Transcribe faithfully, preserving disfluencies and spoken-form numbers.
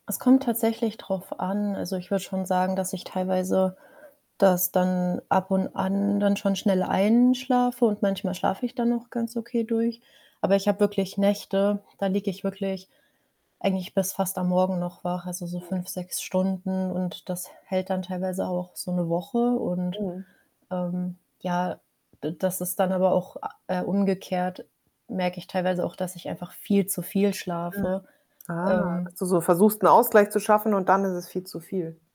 Es kommt tatsächlich drauf an, also, ich würde schon sagen, dass ich teilweise das dann ab und an dann schon schnell einschlafe und manchmal schlafe ich dann auch ganz okay durch. Aber ich habe wirklich Nächte, da liege ich wirklich eigentlich bis fast am Morgen noch wach, also so Mhm. fünf, sechs Stunden, und das h hält dann teilweise auch so 'ne Woche, und, Mhm. ähm, ja, d das ist dann aber auch a äh, umgekehrt, merke ich teilweise auch, dass ich einfach viel zu viel Mhm. schlafe. Ah, dass Ähm du so versuchst, 'n Ausgleich zu schaffen und dann ist es viel zu viel.